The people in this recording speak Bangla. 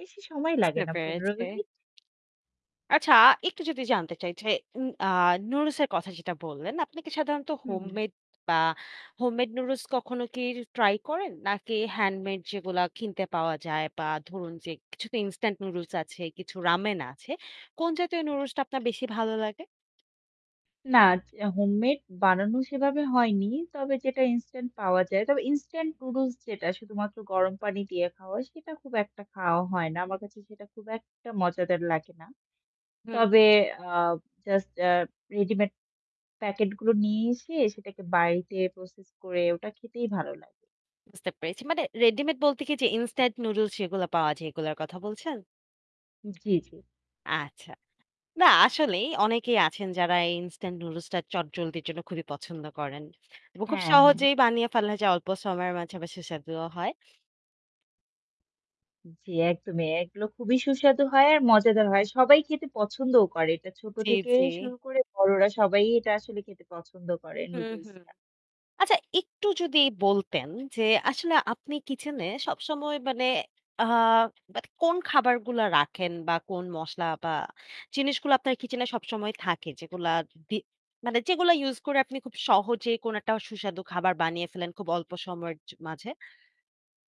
বেশি সময় লাগে বুঝতে না ১৫ পেরেছি। মিনিট। আচ্ছা একটু যদি জানতে চাই যে, উম অ্যাঁ নুডলসের কথা যেটা বললেন, আপনি কি সাধারণত হুম, হুম। হোমমেড বা হোমমেড নুডলস কখনো কি র ট্রাই করেন? নাকি হ্যান্ডমেড যেগুলো কিনতে পাওয়া যায় বা ধরুন যে কিছু তো ইনস্ট্যান্ট নুডলস আছে, কিছু রামেন আছে। কোন জাতীয় নুডলসটা আপনার বেশি ভালো লাগে? না। য হোমমেড বানানো সেভাবে হয়নি। তবে যেটা ইনস্ট্যান্ট পাওয়া যায়। তবে ইনস্ট্যান্ট নুডলস যেটা শুধুমাত্র গরম পানি দিয়ে খাওয়া হয়, সেটা খুব একটা খাওয়া হয় না। আমার কাছে সেটা খুব একটা মজাদার লাগে না। হুম, হু। তবে অ্যাঁ জাস্ট এ্যা রেডিমেড প্যাকেট গুলো নিয়ে এসে সেটাকে বাড়িতে প্রসেস করে ওটা খেতেই ভালো লাগে। বুঝতে পেরেছি। মানে রেডিমেড বলতে কি যে ইনস্টান্ট নুডলস যেগুলা পাওয়া যায়, এগুলোর কথা বলছেন? হু। জ্বী, জ্বী। আচ্ছা। না আসলেই অনেকেই আছেন যারা এই ইনস্টান্ট নুডলসটা চটজলদির জন্য খুবই পছন্দ করেন। এবং খুব হ্যাঁ, হ্যাঁ। সহজেই বানিয়ে ফেলা যায় অল্প সময়ের মাঝে আবার সুস্বাদুও হয়। উম জ্বি একদমই। এগুলো খুবই সুস্বাদু হয় আর মজাদার হয়। সবাই খেতে পছন্দও করে। এটা ছোট জী, থেকে জী। শুরু করে বড়রা সবাই এটা আসলে খেতে পছন্দ করে হুম, নুডলস হুম। টা। আচ্ছা একটু যদি বলতেন যে আসলে আপনি কিচেনে সবসময় মানে আ মানে কোন খাবারগুলা রাখেন বা কোন মসলা বা জিনিসগুলো আপনার কিচেনে সবসময় থাকে যেগুলার দি মানে যেগুলো ইউস করে আপনি খুব সহজে কোন একটা সুস্বাদু খাবার বানিয়ে ফেলেন খুব অল্প সময়ের জ মাঝে?